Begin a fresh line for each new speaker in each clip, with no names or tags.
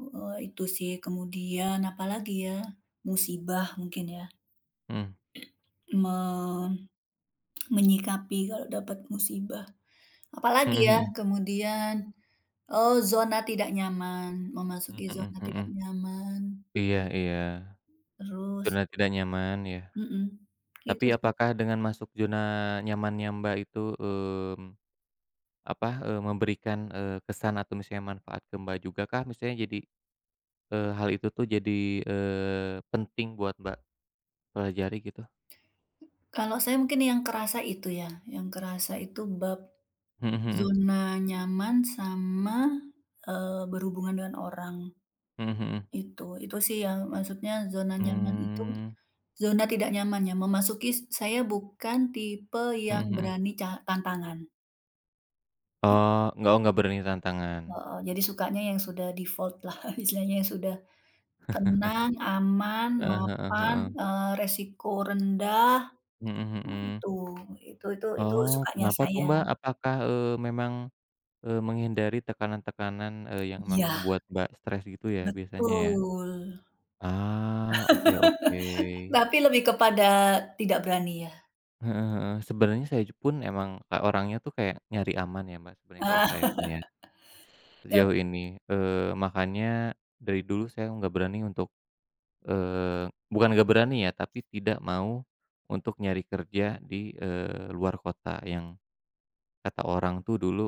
Eee, itu sih, kemudian apalagi ya, musibah mungkin ya.
Mhm.
Me menyikapi kalau dapat musibah. Apalagi
Mhm
ya?
mhm.
Kemudian, oh zona tidak nyaman,
Hmm,
memasuki
mhm
zona tidak
mhm.
nyaman.
Iya iya.
Terus.
Zona tidak nyaman ya.
Mhm,
Tapi
itu sih.
apakah dengan masuk zona nyamannya Mbak itu, mmm, apa? E memberikan, eee, kesan atau misalnya manfaat ke Mbak juga kah, misalnya jadi, eee, hal itu tuh jadi, eee, penting buat Mbak pelajari, gitu?
Kalau saya mungkin yang kerasa itu ya, yang kerasa itu bab
Mhm mhm.
zona nyaman sama, eee, berhubungan dengan orang.
Mhm mhm.
Itu itu sih yang maksudnya zona nyaman itu,
Mmm.
zona tidak nyaman ya, memasuki saya bukan tipe
Mhm
yang
mhm.
berani ca tantangan.
Oh, nggak o nggak berani tantangan.
Heeh, jadi sukanya yang sudah default lah, istilahnya yang sudah tenang, aman,
Heeh heeh
mapan,
heeh.
eee, resiko rendah.
Mhm
Nah
mhm.
itu. Itu itu itu
Oh,
sukanya
kenapa tuh,
saya.
Mbak? Apakah, eee, memang, eee, menghindari tekanan-tekanan, eee, yang
Iya.
membuat Mbak stres gitu ya, biasanya ya?
Betul.
Ah, oke oke.
Tapi lebih kepada tidak berani ya.
Heeh heeh. Sebenarnya saya j pun emang, e orangnya tuh kayak nyari aman ya, Mbak, sebenarnya kalau saya pun ya.
Yap!
Sejauh ini. Eee, makanya dari dulu saya nggak berani untuk, eee, bukan nggak berani ya, tapi tidak mau untuk nyari kerja di, eee, luar kota yang kata orang tuh dulu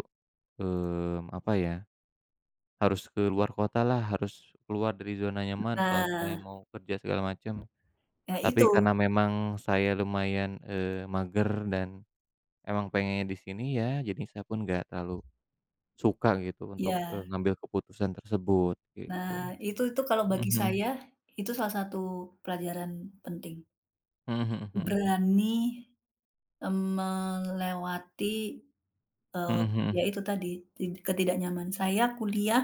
mmm, apa ya? Harus ke luar kota lah, harus keluar dari zona nyaman kalau pengen
Nah.
mau kerja segala macam.
Eh,
Tapi
itu.
karena memang saya lumayan, eee, mager dan emang pengennya di sini ya, jadi saya pun nggak terlalu suka gitu untuk, e
Iya.
ngambil keputusan tersebut, gitu.
Nah, itu itu kalau
Mhm
bagi
mhm.
saya, itu salah satu pelajaran penting.
Mhm mhm mhm.
Berani, m melewati, eee,
Mhm
ya
mhm.
itu tadi tid ketidaknyaman saya kuliah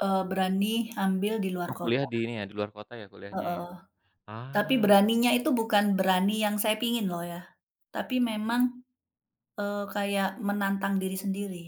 eee, berani ambil di luar
Oh, kuliah
kota.
di ini ya, di luar kota ya kuliahnya ya?
Heeh. Tapi
Ah.
beraninya itu bukan berani yang saya pingin loh ya. Tapi memang, eee, kayak menantang diri sendiri.